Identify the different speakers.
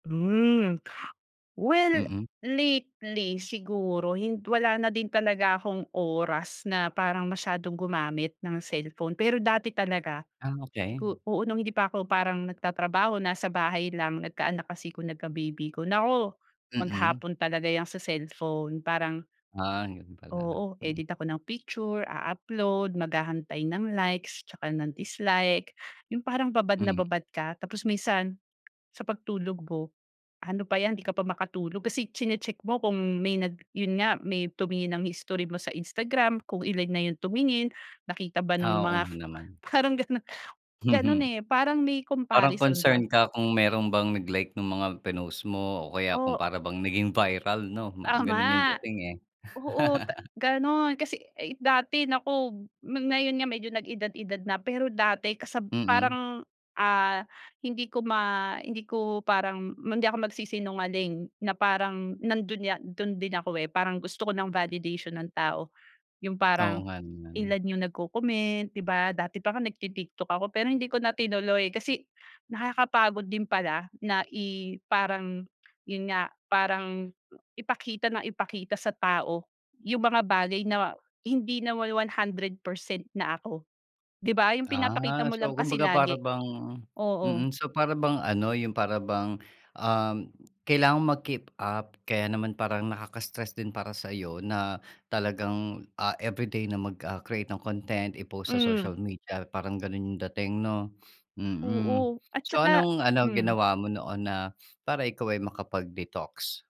Speaker 1: Hmm well,
Speaker 2: Mm.
Speaker 1: lately siguro hin wala na din talaga akong oras na parang masyadong gumamit ng cellphone, pero dati talaga
Speaker 2: Ah,
Speaker 1: i
Speaker 2: okey.
Speaker 1: ko oo nung hindi pa ako parang nagtatrabaho, nasa bahay lang, nagkaanak kasi ko nagka-baby ako. Naku!
Speaker 2: Mm.
Speaker 1: Maghapon talaga yang sa cellphone parang
Speaker 2: Ah, yun pala.
Speaker 1: oo
Speaker 2: Mm.
Speaker 1: edit ako ng picture a-upload mag-hahantay ng likes at saka ng dislike. Yung parang babad na
Speaker 2: Mm.
Speaker 1: babad ka. Tapos minsan, sa pagtulog ko ano pa yan hindi ka pa makatulog kasi chine-check mo kung may nag yun nga may tumingin ng history mo sa Instagram, kung ilan na yung tumingin, nakita ba nung
Speaker 2: Ah, oo nga
Speaker 1: mga f
Speaker 2: naman.
Speaker 1: parang ganun.
Speaker 2: Mhm.
Speaker 1: Ganon eh, parang may
Speaker 2: Parang
Speaker 1: comparison
Speaker 2: concern
Speaker 1: ba.
Speaker 2: ka kung meron bang nag-like nung mga pinost mo o kaya kung
Speaker 1: O
Speaker 2: para bang naging viral no ma ganun yung
Speaker 1: Tama.
Speaker 2: dating eh.
Speaker 1: Oo ta ganun. Kasi ay dati naku ma ngayon nga medyo nag-edad-edad na pero dati kasab
Speaker 2: Mm.
Speaker 1: parang ah, hindi ko ma hindi ko parang ma hindi ako magsisinungaling na parang nandun ya dun din ako eh, parang gusto ko ng validation ng tao. Yung
Speaker 2: Oo
Speaker 1: parang
Speaker 2: nga naman.
Speaker 1: iIan yung nagko-comment di ba? Dati pa nga nagti-TikTok ako pero hindi ko na tinuloy kasi nakakapagod din pala na i parang yun nga, parang ipakita nang ipakita sa tao yung mga bagay na ma hindi naman 100% na ako. Di ba? Yung pinapakita
Speaker 2: Ah,
Speaker 1: mo lang
Speaker 2: so
Speaker 1: kasi
Speaker 2: kumbaga para
Speaker 1: lagi
Speaker 2: bang
Speaker 1: oo.
Speaker 2: mm so para bang ano yung para bang um, kailangan mag-keep up kaya naman parang nakaka-stress din para saiyo na talagang, ah, everyday na mag ah, create ng content i-post sa social
Speaker 1: Mm.
Speaker 2: media parang ganun yung dating no? Mm.
Speaker 1: Oo at
Speaker 2: So
Speaker 1: saka
Speaker 2: anong ano
Speaker 1: hmm.
Speaker 2: ginawa mo noon na para ikaw ay makapag-detox?